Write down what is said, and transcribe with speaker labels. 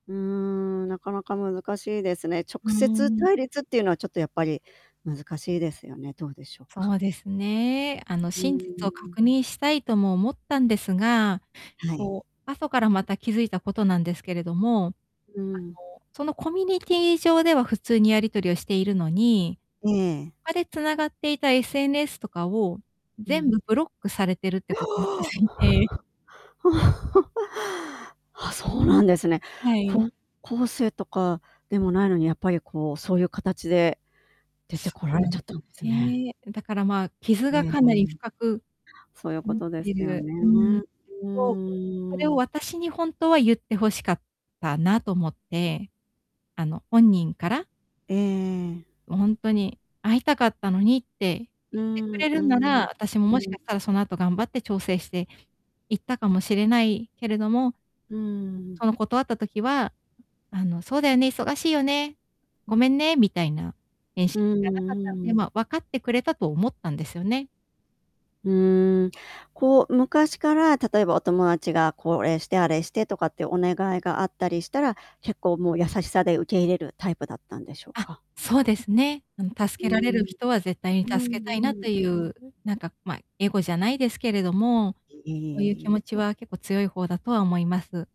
Speaker 1: うーん、なかなか難しいですね。直
Speaker 2: うー
Speaker 1: 接
Speaker 2: ん。
Speaker 1: 対立っていうのは、ちょっとやっぱり難しいですよね。どうでしょうか？
Speaker 2: そうですね。あの、
Speaker 1: うー
Speaker 2: 真実を確
Speaker 1: ん。
Speaker 2: 認したいとも思ったんですが、
Speaker 1: はい。
Speaker 2: こう、後からまた気付いたことなんですけれども、あの、
Speaker 1: うん。
Speaker 2: そのコミュニティー上では普通にやり取りをしているのに、
Speaker 1: ええ。
Speaker 2: 他で繋がっていた SNS とかを
Speaker 1: う
Speaker 2: 全
Speaker 1: ん。
Speaker 2: 部ブロックされてるってことに気
Speaker 1: おお。お
Speaker 2: 付いて。
Speaker 1: お。あ、そうなんですね。
Speaker 2: はい。
Speaker 1: 高校生とかでもないのに、やっぱりこう、そういう形で出て
Speaker 2: そ
Speaker 1: こら
Speaker 2: う
Speaker 1: れ
Speaker 2: なん
Speaker 1: ちゃ
Speaker 2: で
Speaker 1: ったんで
Speaker 2: す
Speaker 1: すね。
Speaker 2: ね。だから、まあ、傷
Speaker 1: う
Speaker 2: が
Speaker 1: ー
Speaker 2: かなり
Speaker 1: ん。
Speaker 2: 深く
Speaker 1: そういうこ
Speaker 2: なっ
Speaker 1: とで
Speaker 2: て
Speaker 1: すよ
Speaker 2: る。
Speaker 1: ね。
Speaker 2: うん。
Speaker 1: う
Speaker 2: そう、それ
Speaker 1: ー
Speaker 2: を
Speaker 1: ん。
Speaker 2: 私にほんとは言って欲しかったなと思って。あの、本人から。
Speaker 1: ええ。
Speaker 2: ほんとに会いたかったのにって
Speaker 1: う
Speaker 2: 言ってく
Speaker 1: ん、
Speaker 2: れ
Speaker 1: う
Speaker 2: るんなら、
Speaker 1: ん、
Speaker 2: 私も、
Speaker 1: う
Speaker 2: もしかし
Speaker 1: ん。
Speaker 2: たらその後、頑張って調整して行ったかもしれないけれども、
Speaker 1: うー
Speaker 2: そ
Speaker 1: ん。
Speaker 2: の断った時は、あの、そうだよね、忙しいよね、ごめんね、みたいな返信
Speaker 1: うーん、
Speaker 2: しかなかった
Speaker 1: うー
Speaker 2: ので、
Speaker 1: ん。
Speaker 2: まあ、分かってくれたと思ったんですよね。
Speaker 1: うーん。こう、昔から、例えば、お友達がこれして、あれしてとかってお願いがあったりしたら、結構もう、優しさで受け入れるタイプだったんでしょう
Speaker 2: あ、
Speaker 1: か？
Speaker 2: そうですね。あの、
Speaker 1: う
Speaker 2: 助けられ
Speaker 1: ー
Speaker 2: る
Speaker 1: ん。
Speaker 2: 人は絶対に
Speaker 1: うん、
Speaker 2: 助
Speaker 1: うん、
Speaker 2: けたいなってい
Speaker 1: うん。
Speaker 2: う、なんか、まあ、エゴじゃないですけれども、そういう気
Speaker 1: い。
Speaker 2: 持ち
Speaker 1: うん。
Speaker 2: は結構強い方だとは思います。